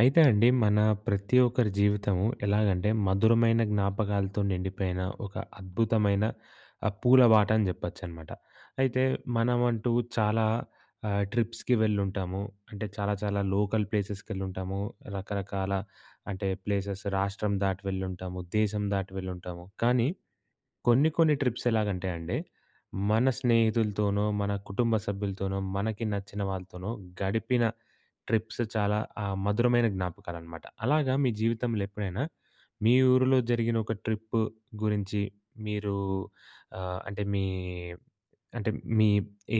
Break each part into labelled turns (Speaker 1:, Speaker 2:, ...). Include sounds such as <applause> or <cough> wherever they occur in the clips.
Speaker 1: అయితే అండి మన ప్రతి ఒక్కరి జీవితము ఎలాగంటే మధురమైన జ్ఞాపకాలతో నిండిపోయిన ఒక అద్భుతమైన ఆహ్, పూల బాట అని చెప్పొచ్చనమాట. అయితే మనమంటూ చాలా ఆహ్, ట్రిప్స్‌కి వెళ్ళుంటాము. అంటే చాలా చాలా లోకల్ ప్లేసెస్‍కెళ్ళుంటాము. రకరకాల అంటే ప్లేసెస్ రాష్ట్రం దాటి వెళ్ళుంటాము. దేశం దాటి వెళ్ళుంటాము. కానీ కొన్ని కొన్ని ట్రిప్స్ ఎలాగంటే అండి, మన స్నేహితులతోనో, మన కుటుంబ సభ్యులతోనో, మనకి నచ్చిన వాళ్ళతోనో గడిపిన ట్రిప్స్ చాలా ఆహ్, మధురమైన జ్ఞాపకాలనమాట. అలాగా మీ జీవితంలో ఎప్పుడైనా మీ ఊరిలో జరిగిన ఒక ట్రిప్ గురించి మీరు ఆహ్, అంటే మీ అంటే మీ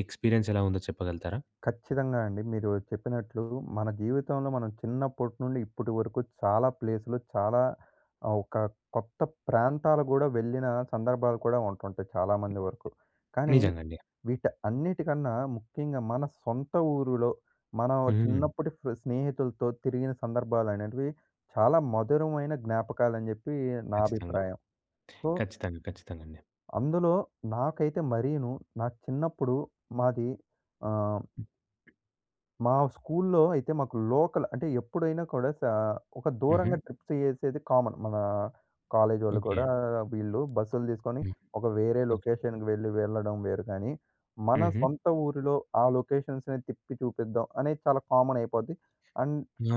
Speaker 1: ఎక్స్పీరియన్స్ ఎలా ఉందో చెప్పగలుగుతారా?
Speaker 2: ఖచ్చితంగా అండి. మీరు చెప్పినట్లు మన జీవితంలో మనం చిన్నప్పటి నుండి ఇప్పటి వరకు చాలా ప్లేసులు చాలా ఆహ్, ఒక కొత్త ప్రాంతాలు కూడా వెళ్ళిన సందర్భాలు కూడా ఉంటుంటాయి చాలా మంది వరకు. కానీ
Speaker 1: నిజంగ అండి.
Speaker 2: వీట అన్నిటికన్నా ముఖ్యంగా మన సొంత ఊరులో మనం
Speaker 1: హ్మ్.
Speaker 2: చిన్నప్పటి ఫ్రె స్నేహితులతో తిరిగిన సందర్భాలు అనేటివి చాలా మధురమైన జ్ఞాపకాలని చెప్పి నా
Speaker 1: ఖచ్చితంగ.
Speaker 2: అభిప్రాయం. సో
Speaker 1: ఖచ్చితంగా ఖచ్చితంగా అండి.
Speaker 2: అందులో, నాకైతే మరీను. నా చిన్నప్పుడు మాది ఆహ్ మా స్కూల్‌లో అయితే మాకు లోకల్, అంటే ఎప్పుడైనా కూడా సా ఒక
Speaker 1: హుహు.
Speaker 2: దూరంగా ట్రిప్స్ చేసేది కామన్. మన కాలేజ్ ఒళ్ళు కూడా,
Speaker 1: ఓకె.
Speaker 2: వీళ్ళు బస్సులు తీసుకొని,
Speaker 1: హ్మ్.
Speaker 2: ఒక వేరే లొకేషన్‌కి వెళ్ళి వెళ్ళడం వేరు కానీ. మన
Speaker 1: హుహు.
Speaker 2: సొంత ఊరిలో ఆ లొకేషన్స్‌ని తిప్పి చూపిద్దాం అనేది చాలా కామన్‌ అయిపోద్ది. అండ్,
Speaker 1: ఆ!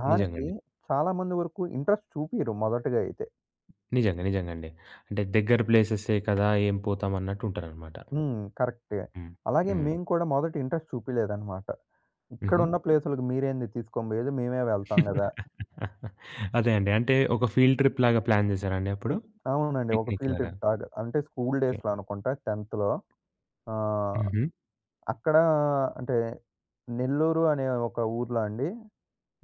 Speaker 2: దానికి
Speaker 1: నిజంగండి.
Speaker 2: చాలా మంది వరకు ఇంట్రెస్ట్ చూపియ్యరు మొదటిగా అయితే.
Speaker 1: నిజంగా నిజంగా అండి. అంటే దగ్గర ప్లేసెసే కదా ఏం పోతాం అన్నట్టు ఉంటారనమాట.
Speaker 2: హ్మ్, కరెక్టే.
Speaker 1: హ్మ్,
Speaker 2: అలాగే
Speaker 1: హ్మ్.
Speaker 2: మేము కూడా మొదట ఇంట్రెస్ట్ చూపియలేదు అనమాట.
Speaker 1: హుహు.
Speaker 2: ఇక్కడున్న ప్లేస్‌లకి మీరేంది తీసుకోని పోయేది మేమే వెళ్తాం గదా!
Speaker 1: <chuckles> అదే అండి, అంటే ఒక ఫీల్డ్ ట్రిప్ లాగా ప్లాన్ చేసారా అండి అప్పుడు?
Speaker 2: అవునండి. ఒక
Speaker 1: పిక్నిక్‌
Speaker 2: ఫీల్డ్
Speaker 1: లాగా.
Speaker 2: ట్రిప్ లాగ, అంటే స్కూల్
Speaker 1: ఓకె.
Speaker 2: డేస్‌లో అనుకుంటా 10థ్, ఆహ్,
Speaker 1: హుహు.
Speaker 2: అక్కడ అంటే, నెల్లూరు అనే ఒక ఊర్లో అండి.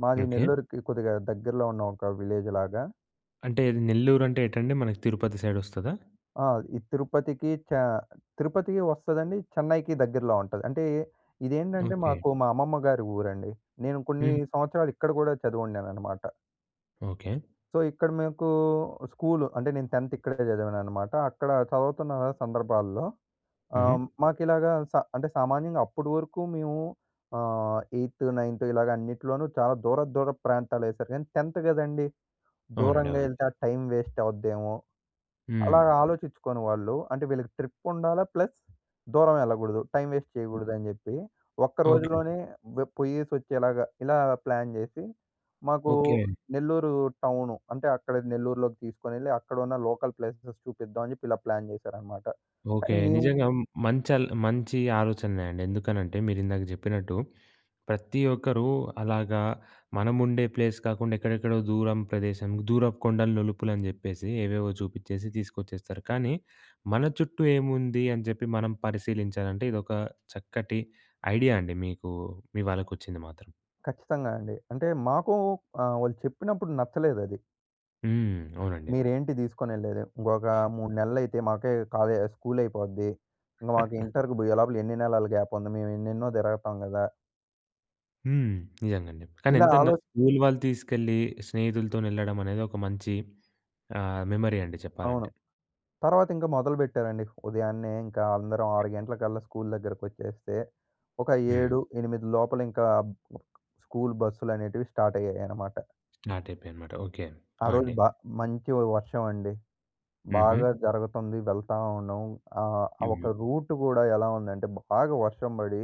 Speaker 2: మాది
Speaker 1: ఓకె.
Speaker 2: నెల్లూరుకి కొద్దిగా దగ్గరలో ఉన్న ఒక విలేజ్ లాగా.
Speaker 1: అంటే నెల్లూరు అంటే ఏంటండి మనకు తిరుపతి సైడ్ వస్తదా?
Speaker 2: ఆ! ఈ తిరుపతికి చె తిరుపతికి వస్తదండి చెన్నైకి దగ్గరలో ఉంటది. అంటే ఇదేంటంటే,
Speaker 1: ఓకె.
Speaker 2: మాకు మా అమ్మమ్మ గారి ఊరండి. నేను కొన్ని
Speaker 1: హ్మ్.
Speaker 2: సంవత్సరాలు ఇక్కడ కూడా చదివున్నాననమాట.
Speaker 1: ఓకె.
Speaker 2: సో ఇక్కడ మీకు స్కూల్. అంటే నేను 10థ్ ఇక్కడే చదివాననమాట. అక్కడ చవుతున్న సందర్భాల్లో
Speaker 1: హుహు.
Speaker 2: ఆహ్, మాకిలాగా స అంటే సామాన్యంగా అప్పడి వరకు మేము ఆహ్, ఎయిత్, నైన్త్ ఇలాగ అన్నిటిలోనూ చాలా దూరపు దూరపు ప్రాంతాలెసారు. ఎన్ 10థ్ గదండీ!
Speaker 1: అవునండి,
Speaker 2: దూరంగా
Speaker 1: అవునండి.
Speaker 2: ఎళ్తే, ఆ టైమ్ వేస్ట్ అవుద్దేమో. అలాగ
Speaker 1: హ్మ్.
Speaker 2: ఆలోచించుకొని వాళ్ళు అంటే వీళ్ళకి ట్రిప్ ఉండాలా, ప్లస్ దూరం ఎళ్ళకూడదు. టైమ్ వేస్ట్ చేయకూడదని జెప్పి, ఒక్క
Speaker 1: ఓకె.
Speaker 2: రోజులోనే వె పోయ్యేసి ఒచ్చేలాగ, ఇలా ప్లాన్ జెసి, మాకు
Speaker 1: ఓకె.
Speaker 2: నెల్లూరు టౌను. అంటే, అక్కడ నెల్లూరులోకి తీసుకొనెళ్ళి అక్కడున్న లోకల్ ప్లేసెస్ చూపిద్దాం అని జెప్పి ఇలా ప్లాన్ చేశారనమాట.
Speaker 1: ఓకె.
Speaker 2: కానీ మేము
Speaker 1: నిజంగా మ్ మంచల్ మంచి ఆలోచనలే అండి. ఎందుకనంటే, మీరు ఇందాక జెప్పినట్టు, ప్రతి ఒక్కరు అలాగా మనముండే ప్లేస్ కాకుండా ఎక్కడెక్కడో దూరం ప్రదేశం, దూరపు కొండలు, నులుపులు అని జెప్పేసి ఏవేవో చూపిచ్చేసి తీసుకొచ్చేస్తారు. కానీ మన చుట్టూ ఏముంది అని జెప్పి మనం పరిశీలించాలంటే, ఇదొక చక్కటి ఐడియా అండి. మీకు మీ వాళ్ళకొచ్చింది మాత్రం.
Speaker 2: ఖచ్చితంగా అండి. అంటే మాకు ఆహ్, వాళ్ళు చెప్పినప్పుడు నచ్చలేదది.
Speaker 1: హ్మ్. అవునండి.
Speaker 2: మీరేంటి తీసుకొని వెళ్ళలేదు. ఇంకొక 3 నెలలు అయితే, మాకే కాలేజ్ స్కూల్ అయిపోద్ది. ఇంక మాకు ఇంటర్‍కి పోయే లోపల ఎన్ని నెలలు గ్యాప్ ఉంది, మేము ఎన్నెన్నో తిరగతాం గదా!
Speaker 1: హ్మ్. నిజంగా అండి. కానీ
Speaker 2: ఇలా
Speaker 1: ఎంతన్నా
Speaker 2: ఆలో
Speaker 1: స్కూల్ వాళ్ళు తీసుకెళ్ళి, స్నేహితులతో వెళ్ళడం అనేది ఒక మంచి ఆహ్, మెమరీ అండి
Speaker 2: అవును.
Speaker 1: చెప్పాలంటే.
Speaker 2: తర్వాత ఇంకా మొదలుపెట్టారండి. ఉదయాన్నే ఇంకా అందరం 6 గంటలకల్లా స్కూల్ దగ్గరకు వచ్చేస్తే ఒక
Speaker 1: హ్మ్.
Speaker 2: 7, 8 లోపల ఇంకా స్కూల్ బస్సులనేటివి స్టార్ట్ అయ్యాయి అన్నమాట.
Speaker 1: స్టార్ట్ అయిపోయినాయి అన్నమాట. ఓకె,
Speaker 2: ఆ
Speaker 1: ఆ!
Speaker 2: రోజు
Speaker 1: అండి.
Speaker 2: బా మంచి వర్షం అండి. బాగా
Speaker 1: హుహు.
Speaker 2: జరుగతుంది వెళ్తా ఉన్నాం. ఆహ్, ఆ
Speaker 1: హ్మ్.
Speaker 2: ఒక రూట్ కూడా ఎలా ఉందంటే, బాగా వర్షం పడి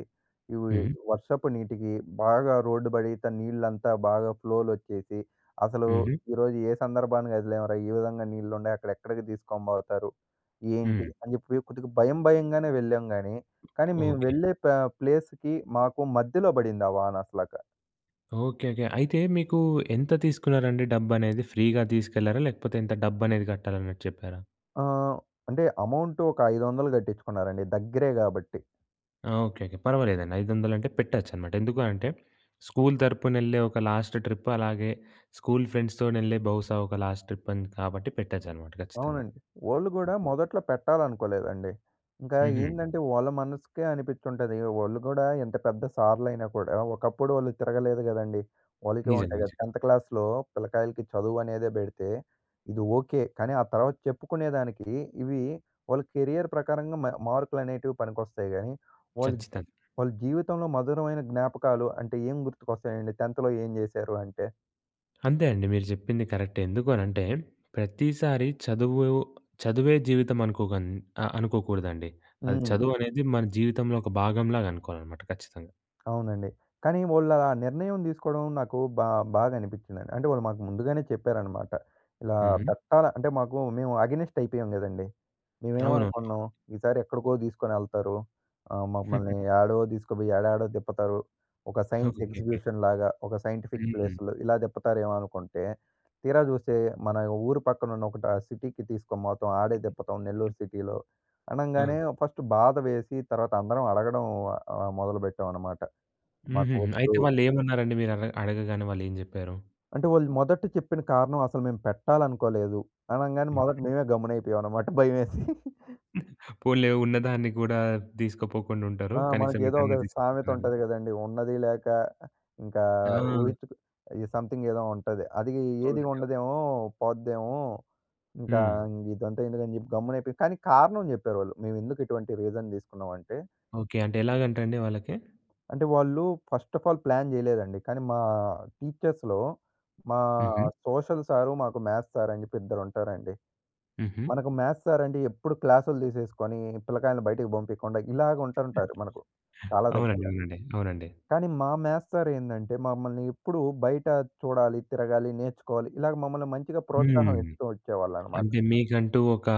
Speaker 2: ఉవి
Speaker 1: హ్మ్.
Speaker 2: వర్షపు నీటికి బాగా రోడ్డు బడీత నీళ్ళంతా బాగా ఫ్లోలోచ్చేసి. అసలు
Speaker 1: హుహు.
Speaker 2: ఈరోజు ఏ సందర్భాన కదిలాంరా! ఈ విధంగా నీళ్లు ఉండాయి. అక్కడ ఎక్కడికి తీసుకొని పోతారు? ఏంటి?
Speaker 1: హ్మ్.
Speaker 2: అని చెప్పి కొద్దిగా భయం భయంగానే వెళ్ళాం గానీ, కానీ మేము
Speaker 1: ఓకె.
Speaker 2: వెళ్ళే పా ప్లేస్‍కి మాకు మధ్యలో పడింది, ఆ వాన అట్లాగ.
Speaker 1: Okay, okay. అయితే మీకు ఎంత తీసుకున్నారండి డబ్బు అనేది? ఫ్రీగా తీసుకెళ్లారా లేకపోతే ఇంత డబ్బు అనేది కట్టాలన్నట్టు చెప్పారా?
Speaker 2: ఆహ్, అంటే అమౌంట్ ఒక 500 కట్టించుకున్నారండి, దగ్గరే కాబట్టి.
Speaker 1: ఆ! ఓకెకె. పర్వాలేదండి. 500 అంటే పెట్టొచ్చు అన్నమాట. ఎందుకు అంటే స్కూల్ తరపున వెళ్ళే ఒక లాస్ట్ ట్రిప్ అలాగే స్కూల్ ఫ్రెండ్స్‌ తోని వెళ్ళే బహుశా ఒక లాస్ట్ ట్రిప్ అని కాబట్టి పెట్టొచ్చు అన్నమాట ఖచ్చితంగా.
Speaker 2: అవునండి. వాళ్ళు కూడా మొదట్లో పెట్టాలనుకోలేదండి. ఇంకా
Speaker 1: హుహు.
Speaker 2: ఏందంటే వాళ్ళ మనసుకే అనిపించి ఉంటది. వాళ్ళు కూడా ఎంత పెద్ద సార్లైనా కూడా ఒకప్పుడు వాళ్ళు తిరగలేదు గదండీ, వాళ్ళకీ
Speaker 1: నిజం
Speaker 2: ఉంటాయి కద.
Speaker 1: నిజం.
Speaker 2: టెంత్ క్లాస్‌లో పిల్లకాయలకి చదువు అనేదే పెడితే, ఇది ఓకె. కానీ ఆ తర్వాత చెప్పుకునేదానికి ఇవి వాళ్ళ కెరియర్ ప్రకారంగా మా మార్కులనేటివి పనికొస్తాయి గానీ. వాళ్ళు
Speaker 1: ఖచ్చితంగ.
Speaker 2: వాళ్ళ జీవితంలో మధురమైన జ్ఞాపకాలు అంటే ఏం గుర్తుకొస్తాయండి? టెన్త్‌లో ఏం చేశారు అంటే?
Speaker 1: అంతే అండి. మీరు చెప్పింది కరెక్టే. ఎందుకు అనంటే ప్రతిసారి చదువు చదువే జీవితం అనుకోక అనుకోకూడదండి. అది
Speaker 2: హ్మ్.
Speaker 1: చదువు అనేది మన జీవితంలో ఒక భాగంలాగా అనుకోవాలన్నమాట ఖచ్చితంగా.
Speaker 2: అవునండి. కానీ వాళ్ళు అలా నిర్ణయం తీసుకోవడం నాకు బా బాధ అనిపించిందండి. అంటే వాళ్ళు మాకు ముందుగానే చెప్పారన్నమాట. ఇలా
Speaker 1: హుహు.
Speaker 2: పెట్టాల అంటే మాకు మేము ఎగైనెస్ట్ అయిపోయాం కదండీ.
Speaker 1: అవునవును.
Speaker 2: మేమేమనుకున్నాం? ఈసారి ఎక్కడికో తీసుకొని వెళ్తారు ఆహ్, మమ్మల్ని
Speaker 1: <giggles>
Speaker 2: ఏడో తీసుకుపోయి ఏడాడో తిప్పుతారు ఒక సైన్స్
Speaker 1: ఓకెకె.
Speaker 2: ఎగ్జిక్యూషన్ లాగా, ఒక సైంటిఫిక్
Speaker 1: హ్మ్.
Speaker 2: ప్లేస్‌లో ఇలా తిప్పుతారేమో అనుకుంటే, తీరా చూస్తే మన ఊరు పక్కన ఉన్న ఒకటి ఆహ్, సిటీకి తీసుకునిపోటం ఆడే తిప్పటం నెల్లూరు సిటీలో.
Speaker 1: అ!
Speaker 2: అనంగానే ఫస్ట్ బాధ వేసి తర్వాత అందరం అడగడం ఆహ్, మొదలుపెట్టాం అన్నమాట.
Speaker 1: హుహూహు. అయితే
Speaker 2: మాకొద్దు.
Speaker 1: వాళ్ళు ఏమన్నారండి? మీరు అడ అడగగానే వాళ్ళు ఏం చెప్పారు?
Speaker 2: అంటే వాళ్ళు మొదట చెప్పిన కారణం "అసలు మేం పెట్టాలనుకోలేదు" అనంగానే మొదట మేమే గమ్మున అయిపోయాం అనమాట భయమేసి. <giggles>
Speaker 1: పోనీలే, ఉన్నదాన్ని కూడా తీసుకుపోకుండా ఉంటారు.
Speaker 2: ఆ! మనకు
Speaker 1: కనీసం
Speaker 2: ఏదో ఒక
Speaker 1: ఇదన్నా
Speaker 2: సామెత
Speaker 1: తీసుకుపోతున్నారు.
Speaker 2: ఉంటది గదండీ, ఉన్నది లేక ఇంకా
Speaker 1: ఆ!
Speaker 2: ఊహించుకు ఈ సమ్‌థింగ్ ఏదో ఉంటది. అది ఏది
Speaker 1: అవునండి. అవును.
Speaker 2: ఉండదేమో పోద్దేమో, ఇంకా
Speaker 1: హ్మ్.
Speaker 2: ఇదంతా ఎందుకని చెప్పి గమ్మున అయిపోయి కానీ కారణం చెప్పారు వాళ్ళు. మేము ఎందుకు ఇటువంటి రీజన్ తీసుకున్నామంటే
Speaker 1: ఓకె. అంటే ఎలాగంట అండి వాళ్ళకి?
Speaker 2: అంటే వాళ్ళు ఫస్ట్ అఫ్ ఆల్ ప్లాన్ చేయలేదండి. కానీ మా టీచర్స్‌లో మా
Speaker 1: హుహు.
Speaker 2: సోషల్ సార్ మాకు మ్యాద్స్ సార్ అని చెప్పి ఇద్దరు ఉంటారండి.
Speaker 1: హుహు.
Speaker 2: మనకు మ్యాద్స్ సార్ అంటే ఎప్పుడు క్లాస్‌లు తీసేసుకొని పిల్లకాయలని బయటకి పంపియకుండా ఇలాగ ఉంటుంటారు మనకు, చాలా
Speaker 1: అవునండి
Speaker 2: దగ్గరలో.
Speaker 1: అవునండి. అవునండి.
Speaker 2: కానీ మా మ్యాద్స్ సార్ ఏందంటే మమ్మల్ని ఎప్పుడూ బయట చూడాలి, తిరగాలి, నేర్చుకోవాలి, ఇలాగ మమ్మల్ని మంచిగా ప్రోత్సాహం
Speaker 1: హ్మ్.
Speaker 2: ఇస్తూ వచ్చేవాళ్ళన్నమాట.
Speaker 1: అంటే మీకంటూ ఒక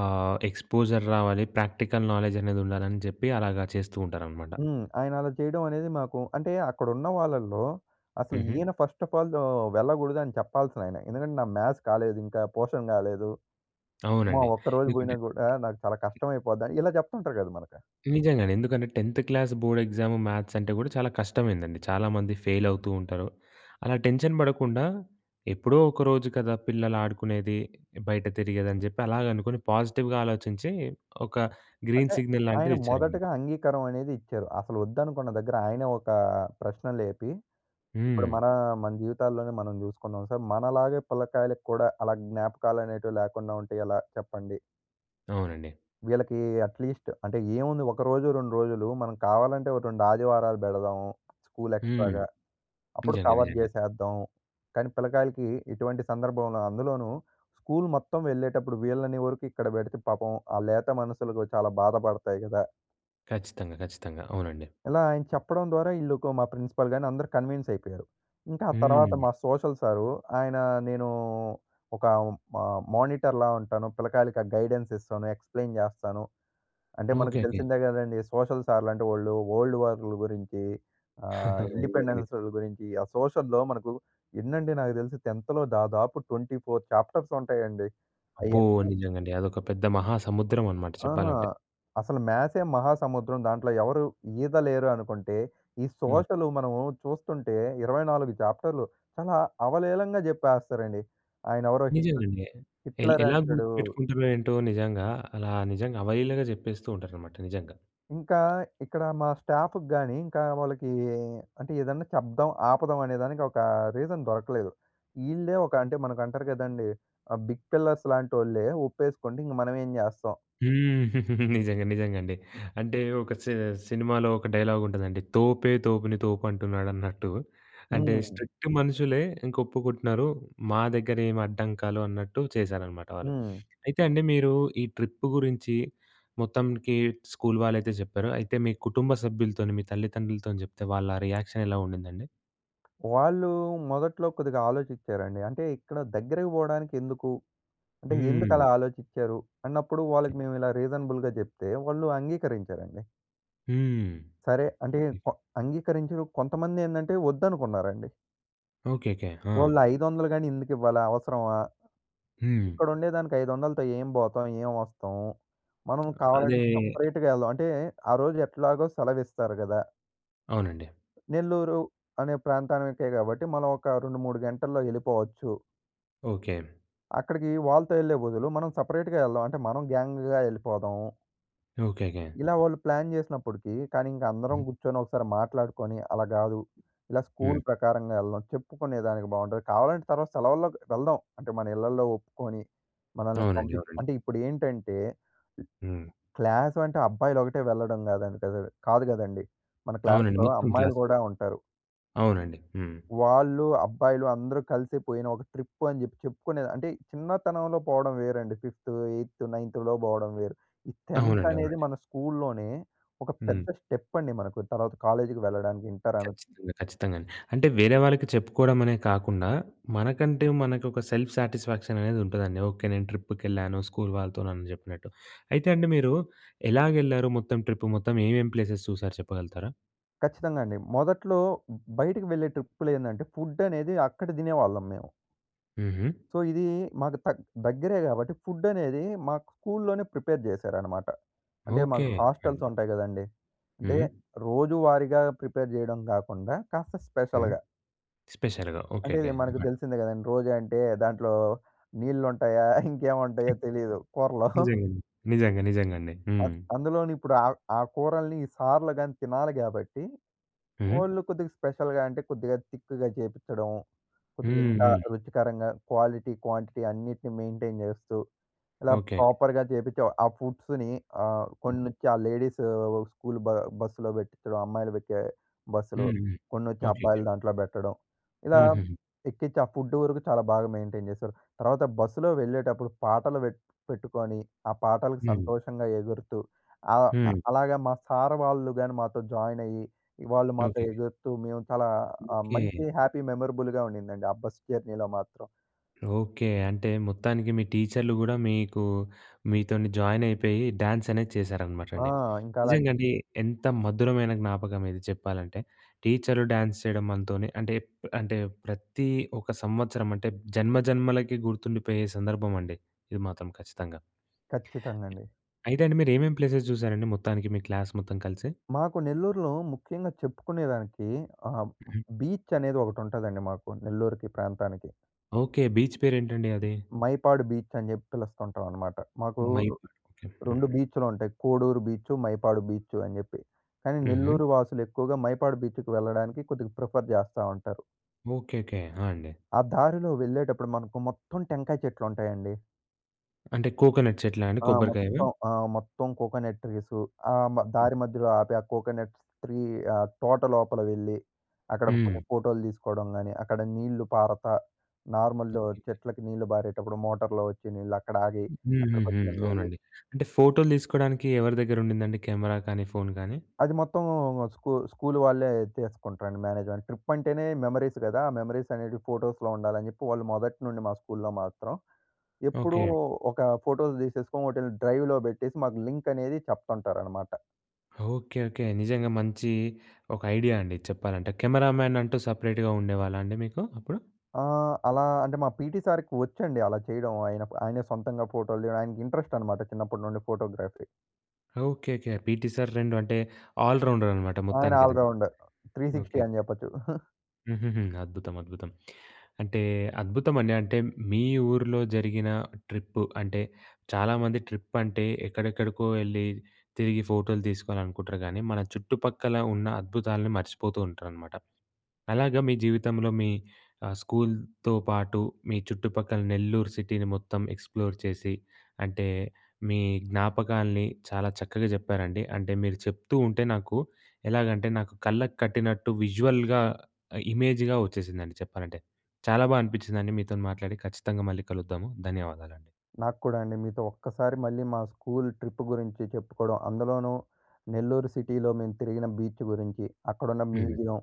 Speaker 1: ఆహ్, ఎక్స్‌పోజర్ రావాలి. ప్రాక్టికల్ నాలెడ్జ్ అనేది ఉండాలి అని చెప్పి అలాగ చేస్తూ ఉంటారన్నమాట.
Speaker 2: హ్మ్. ఆయన అలా చేయడం అనేది మాకు అంటే అక్కడున్న వాళ్ళల్లో అసలు
Speaker 1: హుహు.
Speaker 2: ఈయన ఫస్ట్ అఫ్ ఆల్ ఆహ్, వెళ్ళకూడదు అని చెప్పాల్సిన ఆయన. ఎందుకంటే "నా మ్యాస్ కాలేదు ఇంకా. పోర్షన్ కాలేదు. అమ్మొ!
Speaker 1: అవునండి.
Speaker 2: ఒక్క రోజు పోయినా కూడా నాకు చాలా
Speaker 1: <unintelligible>
Speaker 2: కష్టం అయిపోద్ది" అని ఇలా చెప్తుంటారు గద మనకు.
Speaker 1: నిజంగానే. ఎందుకంటే టెన్త్ క్లాస్ బోర్డ్ ఎగ్జామ్ మ్యాస్ అంటే కూడా చాలా కష్టమైందండి. చాలామంది ఫెయిల్ అవుతూ ఉంటారు. అలా టెన్షన్ పడకుండా ఎప్పుడో ఒక రోజు కదా పిల్లలు ఆడుకునేది, బయట తిరిగేది అని చెప్పి అలాగ అనుకుని పాజిటివ్‌గా ఆలోచించి ఒక గ్రీన్
Speaker 2: అంటే
Speaker 1: సిగ్నల్
Speaker 2: ఆయన
Speaker 1: లాంటిది ఇచ్చారు.
Speaker 2: మొదటగా అంగీకారం అనేది ఇచ్చారు. అసలు వద్దనుకున్న దగ్గర ఆయనే ఒక ప్రశ్న లేపి ఇప్పుడు
Speaker 1: హ్మ్.
Speaker 2: మన మన జీవితాల్లోనే మనం చూసుకున్నాం సార్, మనలాగే పిల్లకాయలకి కూడా అలా జ్ఞాపకాలు అనేటివి లేకుండా ఉంటే ఎలా చెప్పండి.
Speaker 1: అవునండి.
Speaker 2: వీళ్ళకి అట్లీస్ట్ అంటే ఏముంది, ఒక రోజు, 2 రోజులు మనం కావాలంటే ఒక 2 ఆదివారాలు పెడదాము స్కూల్
Speaker 1: హ్మ్.
Speaker 2: ఎక్స్ట్రాగా. అప్పుడు
Speaker 1: నిజంగా
Speaker 2: కవర్
Speaker 1: నిజంగా.
Speaker 2: చేసేద్దాం కానీ పిల్లకాయలకి ఇటువంటి సందర్భంలో, అందులోనూ స్కూల్ మొత్తం వెళ్ళేటప్పుడు వీళ్ళని వరకు ఇక్కడ పెడితే, పాపం ఆ లేత మనసులకు చాలా బాధపడతాయి కదా!
Speaker 1: ఖచ్చితంగా. ఖచ్చితంగా. అవునండి.
Speaker 2: ఇలా ఆయన చెప్పడం ద్వారా ఈళ్ళోక మా ప్రిన్సిపల్ గాని అందరూ కన్విన్స్ అయిపోయారు. ఇంకా ఆ తర్వాత
Speaker 1: హ్మ్.
Speaker 2: మా సోషల్ సారు, ఆయన నేను ఒక మా మానిటర్‌లా ఉంటాను. పిల్లకాయలకి ఆ గైడెన్స్ ఇస్తాను, ఎక్స్‌ప్లెయిన్ చేస్తాను. అంటే మనకు
Speaker 1: ఓకెకె.
Speaker 2: తెలిసిందే కదండీ! సోషల్ సార్లు అంటే వాళ్ళు వల్డ్ వార్ల గురించి ఆహ్,
Speaker 1: <chuckles> <unintelligible>
Speaker 2: ఇండిపెండెన్స్ గురించి, ఆ సోషల్‍లో మనకు ఎన్నండి నాకు తెలిసి 10థ్ దాదాపు 24 చాప్టర్స్ ఉంటాయండి.
Speaker 1: అబ్బో!
Speaker 2: అయన్నీ
Speaker 1: నిజంగండి. అదొక పెద్ద మహా సముద్రం అన్నమాట
Speaker 2: ఆహా!
Speaker 1: చెప్పాలంటే.
Speaker 2: అసలు మ్యాథ్సే మహాసముద్రం, దాంట్లో ఎవరు ఈద లేరు అనుకుంటే ఈ
Speaker 1: హ్మ్.
Speaker 2: సోషల్ మనము చూస్తుంటే 24 చాప్టర్‌‌‌‌‌‌‌‌లు చాలా అవలీలంగా చెప్పేస్తారండి. ఆయన ఎవరో హిట్
Speaker 1: నిజంగండి. ఎల్
Speaker 2: హిట్లర్
Speaker 1: ఎలా
Speaker 2: అంటడు.
Speaker 1: గుర్తుపెట్టుకుంటారో ఏంటో నిజంగా, అలా నిజంగా అవలీలగా చెప్పేస్తూ ఉంటారన్నమాట. నిజంగా.
Speaker 2: ఇంకా ఇక్కడ మా స్టాఫ్‌కి గాని, ఇంకా వాళ్ళకి అంటే ఏదన్నా చెప్దాం, ఆపుదాం అనే దానికి ఒక రీజన్ దొరకలేదు. ఈళ్ళే ఒక అంటే మనకు అంటారు కదండీ! ఆహ్, బిగ్ పిల్లర్స్ ‌‌‌‌‌‌‌‌‌‌‌‌లాంటోళ్ళే ఒప్పేసుకోండి ఇంక మనమేం చేస్తాం.
Speaker 1: హ్మ్. నిజంగా నిజంగండి. అంటే ఒక సి సినిమాలో ఒక డైలాగ్ ఉంటదండి. "తోపే తోపుని తోపు అంటున్నాడు అన్నట్టు". అంటే,
Speaker 2: హ్మ్.
Speaker 1: స్ట్రిక్ట్ మనుషులే ఇంక ఒప్పుకుంటున్నారు మా దగ్గర ఏమి అడ్డంకాలు అన్నట్టు చేశారనమాట వాళ్ళు.
Speaker 2: హ్మ్.
Speaker 1: అయితే, అండి మీరు ఈ ట్రిప్పు గురించి మొత్తంకి స్కూల్ వాళ్ళైతే చెప్పారో, అయితే మీ కుటుంబ సభ్యులతోని మీ తల్లిదండ్రులతోని చెప్తే వాళ్ళ రియాక్షన్ ఎలా ఉండిందండి?
Speaker 2: వాళ్ళూ మొదట్లో కొద్దిగా ఆలోచిచ్చారండి. అంటే ఇక్కడ దగ్గరకి పోవడానికి ఎందుకు? అంటే
Speaker 1: హ్మ్.
Speaker 2: ఎందుకలా ఆలోచిచ్చారు? అన్నప్పుడు, వాళ్ళకి మేము ఇలా రీజనబుల్‌గా చెప్తే, వాళ్ళు అంగీకరించారండి.
Speaker 1: హ్మ్.
Speaker 2: సరే అంటే
Speaker 1: హ్మ్.
Speaker 2: ప అంగీకరించరు కొంతమంది ఏందంటే, వద్దనుకున్నారండి.
Speaker 1: ఓకెకె. ఆ!
Speaker 2: వాళ్ళు 500 గాని ఎందుకు ఇవ్వాలా అవసరమా?
Speaker 1: హ్మ్.
Speaker 2: ఇక్కడుండే దానికి 500లతో ఏం పోతాం? ఏం వస్తాము? మనం కావాలంటే
Speaker 1: అదే.
Speaker 2: సెపరేట్‌గా వెళ్దాం. అంటే, ఆ రోజు ఎట్లాగో సెలవిస్తారు గదా!
Speaker 1: అవునండి.
Speaker 2: నెల్లూరు అనే ప్రాంతానికే కాబట్టి మనం ఒక 2, 3 గంటల్లో ఎళ్ళిపోవచ్చు.
Speaker 1: ఓకె.
Speaker 2: అక్కడికి వాళ్ళతో ఏళ్ళే బదులు, మనం సెపరేట్‌గా వెళ్దాం. అంటే మనం గ్యాంగ్‌గా ఏళ్ళిపోదాము.
Speaker 1: ఓకెకె.
Speaker 2: ఇలా వాళ్ళు ప్లాన్ చేసినప్పటికీ కానీ, ఇంక అందరం
Speaker 1: హ్మ్.
Speaker 2: కూర్చొని ఒకసారి మాట్లాడుకొని, అలా కాదు ఇలా స్కూల్
Speaker 1: హ్మ్.
Speaker 2: ప్రకారంగా వెళ్దాం. చెప్పుకునేదానికి బావుంటది. కావాలంటే తర్వాత సెలవుల్లోకి వెళ్దాం. అంటే మన ఇళ్ళల్లో ఒప్పుకొని, మనల్ని
Speaker 1: అవునండి,
Speaker 2: పంపించి
Speaker 1: అవునండి.
Speaker 2: అంటే ఇప్పుడు ఏంటంటే
Speaker 1: హ్మ్.
Speaker 2: క్లాసు అంటే అబ్బాయిలు ఒకటే వెళ్ళడం కాదండి, కదూ కాదు కదండీ! మన
Speaker 1: అవునండి.
Speaker 2: క్లాస్‌లో
Speaker 1: మొత్తం
Speaker 2: అమ్మాయిలు
Speaker 1: క్లాసు.
Speaker 2: కూడా ఉంటారు.
Speaker 1: అవునండి. హ్మ్.
Speaker 2: వాళ్ళూ, అబ్బాయిలు అందరూ కలిసి పోయిన ఒక ట్రిప్ అని చెప్పి చెప్పుకునేది అంటే చిన్నతనంలో పోవడం వేరండి. ఫిఫ్త్, ఏయిత్తు, నైన్త్‌లో పోవడం వేరు. ఈ 10త్
Speaker 1: అవునండి,
Speaker 2: అనేది
Speaker 1: అవునండి.
Speaker 2: మన స్కూల్‌లోనే ఒక
Speaker 1: హ్మ్.
Speaker 2: పెద్ద స్టెప్ అండి మనకు. తర్వాత కాలేజ్‌కి వెళ్ళడానికి ఇంటర్ అనచ్చు.
Speaker 1: ఖచ్చితంగా, ఖచ్చితంగా అండి. అంటే వేరే వాళ్ళకి చెప్పుకోవడమనే కాకుండా, మనకంటే మనకు ఒక సెల్ఫ్ సాటిస్ఫాక్షన్ అనేది ఉంటదండి. ఓకె. నేను ట్రిప్‌కెళ్ళాను స్కూల్ వాళ్ళతో నన్ను చెప్పినట్టు. అయితే అండి, మీరు ఎలాగెళ్లారు మొత్తం ట్రిప్? మొత్తం ఏమేం ప్లేసెస్ చూసారు చెప్పగలుగుతారా?
Speaker 2: ఖచ్చితంగా అండి. మొదట్లో బయటికి వెళ్ళే ట్రిప్‌‌లో ఏందంటే, ఫుడ్ అనేది అక్కడ దినేవాళ్ళం మేము.
Speaker 1: హుహు.
Speaker 2: సో, ఇది మాకు తక్ దగ్గరే కాబట్టి, ఫుడ్ అనేది మాకు స్కూల్‌లోనే ప్రిపేర్ జేశారనమాట. అంటే,
Speaker 1: ఓకే.
Speaker 2: మాకు
Speaker 1: హ్మ్.
Speaker 2: హాస్టల్స్ ఉంటాయి కదండీ! అంటే
Speaker 1: హ్మ్.
Speaker 2: రోజువారీగా ప్రిపేర్ జేయడం కాకుండా, కాస్త
Speaker 1: హ్మ్.
Speaker 2: స్పెషల్‌గా.
Speaker 1: స్పెషల్‌గా ఓకే,
Speaker 2: అంటే,
Speaker 1: ఓకే.
Speaker 2: ఇది మనకు
Speaker 1: హ్మ్.
Speaker 2: తెలిసిందే కదండీ! రోజూ అంటే దాంట్లో నీళ్లు ఉంటాయా? ఇంకేమి ఉంటాయో తెలీదు కూరలో.
Speaker 1: నిజంగా అండి. నిజంగా, నిజంగండి.
Speaker 2: అం
Speaker 1: హ్మ్.
Speaker 2: అందులోని ఇప్పుడు ఆ, ఆ కూరల్ని సార్‌‌‌‌‌‌‌‌‌లు గాని తినాలి కాబట్టి,
Speaker 1: హుహు.
Speaker 2: ఓన్లీ కొద్దిగా స్పెషల్‌గా అంటే కొద్దిగా తిక్‌గా జేపించడం. కొద్దిగా
Speaker 1: హ్మ్,
Speaker 2: ఇంకా
Speaker 1: హ్మ్.
Speaker 2: రుచికరంగా క్వాలిటీ, క్వాంటిటీ అన్నిటిని మెయింటైన్ జేస్తూ, ఇలా
Speaker 1: ఓకే.
Speaker 2: ప్రాపర్‌గా జేపించే, ఆ ఫుడ్స్‌ని ఆహ్, కొన్ని వచ్చి ఆ లేడీస్ స్కూల్ బ బస్సులో పెట్టించడం, అమ్మాయిలు వచ్చే బస్సులో,
Speaker 1: హ్మ్, హ్మ్.
Speaker 2: కొన్ని వచ్చి
Speaker 1: ఓకే, ఓకే.
Speaker 2: అబ్బాయిలు దాంట్లో బెట్టడం. ఇలా
Speaker 1: హుహు.
Speaker 2: ఎక్కించి ఆ ఫుడ్ వరకు చాలా బాగా మెయింటైన్ చేశారు. తర్వాత బస్సులో వెళ్ళేటప్పుడు, పాటలు పెటు పెట్టుకొని ఆ పాటలకి
Speaker 1: హ్మ్.
Speaker 2: సంతోషంగా ఎగురుతూ ఆహ్,
Speaker 1: హ్మ్.
Speaker 2: అలాగే మా సార్ వాళ్ళు గాని మాతో జాయిన్ అయ్యి ఇ వాళ్ళు మాతో
Speaker 1: ఓకే.
Speaker 2: ఎగురుతూ మేము చాలా ఆహ్,
Speaker 1: ఓకే.
Speaker 2: మంచి హ్యాపీ మెమరబుల్‍గా ఉండిందండి, ఆ బస్ జర్నీలో మాత్రం.
Speaker 1: ఓకే. అంటే మొత్తానికి మీ టీచర్లు కూడా మీకు, మీతోని జాయిన్ అయిపేయి, డ్యాన్స్ అనేది చేశారనమాట
Speaker 2: ఆ!
Speaker 1: అండి.
Speaker 2: ఇంకా అలా
Speaker 1: నిజంగా అండి ఎంత మధురమైన జ్ఞాపకం ఇది చెప్పాలంటే, టీచరు డ్యాన్స్ చేయడం మనతోనే అంటే, అంటే ప్రతి ఒక సంవత్సరం అంటే, జన్మ జన్మలకి గుర్తుండిపోయే సందర్భం అండి, ఇది మాత్రం ఖచ్చితంగా.
Speaker 2: ఖచ్చితంగా అండి.
Speaker 1: అయితే అండి మీరు ఏమేం ప్లేసెస్ చూశారండి మొత్తానికి మీ క్లాస్ మొత్తం కలిసి?
Speaker 2: మాకు నెల్లూరులో ముఖ్యంగా చెప్పుకునేదానికి ఆహ్,
Speaker 1: హ్మ్.
Speaker 2: బీచ్ అనేది ఒకటి ఉంటదండి, మాకు నెల్లూరుకి ప్రాంతానికి.
Speaker 1: ఓకే. బీచ్ పేరేంటండి అది?
Speaker 2: మైపాడు బీచ్ అని చెప్పి పిలుస్తుంటాం అనమాట. మాకు
Speaker 1: మైపాడ్ ఓకే.
Speaker 2: 2
Speaker 1: హ్మ్.
Speaker 2: బీచ్‍లు ఉంటాయి కోడూరు బీచ్, మైపాడు బీచ్ అని చెప్పి. కానీ
Speaker 1: హుహు.
Speaker 2: నెల్లూరు వాసులు ఎక్కువగా మైపాడు బీచ్‌కి వెళ్ళడానికి కొద్దిగా ప్రిఫర్ జేస్తా ఉంటారు.
Speaker 1: ఓకేకే. ఆ! అండి.
Speaker 2: ఆ దారిలో వెళ్ళేటప్పుడు మనకు మొత్తం టెంకాయ చెట్లు ఉంటాయండి.
Speaker 1: అంటే కోకోనట్ చెట్లా అండి
Speaker 2: ఆ!
Speaker 1: కొబ్బరికాయవా?
Speaker 2: మొత్తం. ఆ! మొత్తం కోకోనట్ ట్రీసు ఆహ్, మ దారి మధ్యలో ఆపి ఆ కోకోనట్ ట్రీ ఆహ్, తోట లోపల వెళ్ళి, అక్కడ కొన్ని
Speaker 1: హ్మ్.
Speaker 2: ఫోటోలు తీసుకోవడం గాని అక్కడ నీళ్ళు పారతా నార్మల్‍లో చెట్లకి నీళ్లు పారేటప్పుడు మోటర్‌లో వచ్చి నీళ్ళు అక్కడ ఆగి అక్కడ
Speaker 1: హుహుహు.
Speaker 2: కొంచెం ఎంజాయ్ జే
Speaker 1: అవునండి. అంటే ఫోటోలు తీసుకోడానికి ఎవరి దగ్గర ఉండిందండి కెమెరా కానీ ఫోన్ గాని?
Speaker 2: అది మొత్తం మ్ స్కూ స్కూల్ వాళ్ళే తీసుకుంటారండి మేనేజ్ అని ట్రిప్ అంటేనే మెమరీస్ గదా! ఆ మెమరీస్ అనేటివి ఫోటోస్‌లో ఉండాలని జెప్పి వాళ్ళు మొదటి నుండి మా స్కూల్‌లో మాత్రం ఎప్పుడూ
Speaker 1: ఓకే.
Speaker 2: ఒక ఫోటోలు తీసేసుకొని వోటిల్ని డ్రైవ్‌లో పెట్టేసి మాకు లింక్ అనేది చెప్తుంటారనమాట.
Speaker 1: ఓకే. ఓకే. నిజంగా మంచి ఒక ఐడియా అండి చెప్పాలంటే. కెమెరామ్యాన్ అంటూ సపరేట్‌గా ఉండేవాళ్ళా అండి మీకు అప్పుడు?
Speaker 2: ఆ! అలా అంటే మా పీటీ సార్‌కి వచ్చండి అలా చేయడం. ఆయన ఆయనే సొంతంగా ఫోటోలు తీయడం. ఆయనకి ఇంట్రెస్ట్ అనమాట చిన్నప్పటి నుండి photography.
Speaker 1: Okay. Okay. PT sir 2 అంటే ఆల్ రౌండర్ అనమాట
Speaker 2: ఆయన
Speaker 1: మొత్తానికి
Speaker 2: ఆల్
Speaker 1: అయితే.
Speaker 2: రౌండర్. 360
Speaker 1: ఓకే.
Speaker 2: అని
Speaker 1: ఓకే.
Speaker 2: జెప్పొచ్చు. <chuckles>
Speaker 1: హుహుహు. అద్భుతం అద్భుతం. అంటే అద్భుతమండి. అంటే మీ ఊర్లో జరిగిన ట్రిప్పు అంటే చాలామంది ట్రిప్ అంటే ఎక్కడెక్కడికో ఎళ్లి తిరిగి ఫోటోలు తీసుకోవాలనుకుంటారు గాని మన చుట్టుపక్కల ఉన్న అద్భుతాలని మర్చిపోతూ ఉంటారనమాట. అలాగా మీ జీవితంలో మీ ఆహ్, స్కూల్‌తో పాటు మీ చుట్టుపక్కల నెల్లూరు సిటీని మొత్తం ఎక్స్‌ప్లోర్ చేసి అంటే మీ జ్ఞాపకాల్ని చాలా చక్కగా చెప్పారండి. అంటే మీరు చెప్తూ ఉంటే నాకు ఎలాగంటే నాకు కళ్ళకు కట్టినట్టు విజువల్‍గా ఇమేజ్‍‌గా వచ్చేసిందండి చెప్పాలంటే. చాలా బా అనిపిచ్చిందండి మీతో మాట్లాడి. ఖచ్చితంగా మళ్ళీ కలుద్దాము. ధన్యవాదాలండి.
Speaker 2: నాకు కూడా అండి. మీతో ఒక్కసారి మళ్ళీ మా స్కూల్ ట్రిప్ గురించి చెప్పుకోవడం. అందులోనూ నెల్లూరు సిటీలో మేము తిరిగిన బీచ్ గురించి, అక్కడున్న
Speaker 1: హ్మ్.
Speaker 2: మ్యూజియం.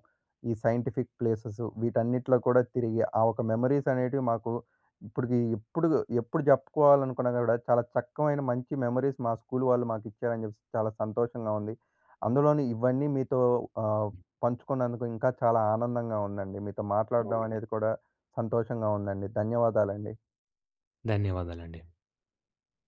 Speaker 2: ఈ సైంటిఫిక్ ప్లేసెసు వీటన్నిటిలో కూడా తిరిగి ఆ ఒక మెమరీస్ అనేటివి మాకు ఇప్పటికి ఎప్పుడు ఎప్పుడు చెప్పుకోవాలనుకున్నా కూడా చాలా చక్కమైన మంచి మెమరీస్ మా స్కూల్ వాళ్ళు మాకిచ్చారని చెప్పేసి చాలా సంతోషంగా ఉంది. అందులోని ఇవన్నీ మీతో ఆహ్, పంచుకున్నందుకు ఇంకా చాలా ఆనందంగా ఉందండి. మీతో మాట్లాడడం
Speaker 1: అవునండి.
Speaker 2: అనేది కూడా సంతోషంగా ఉందండి. ధన్యవాదాలండి.
Speaker 1: ధన్యవాదాలండి.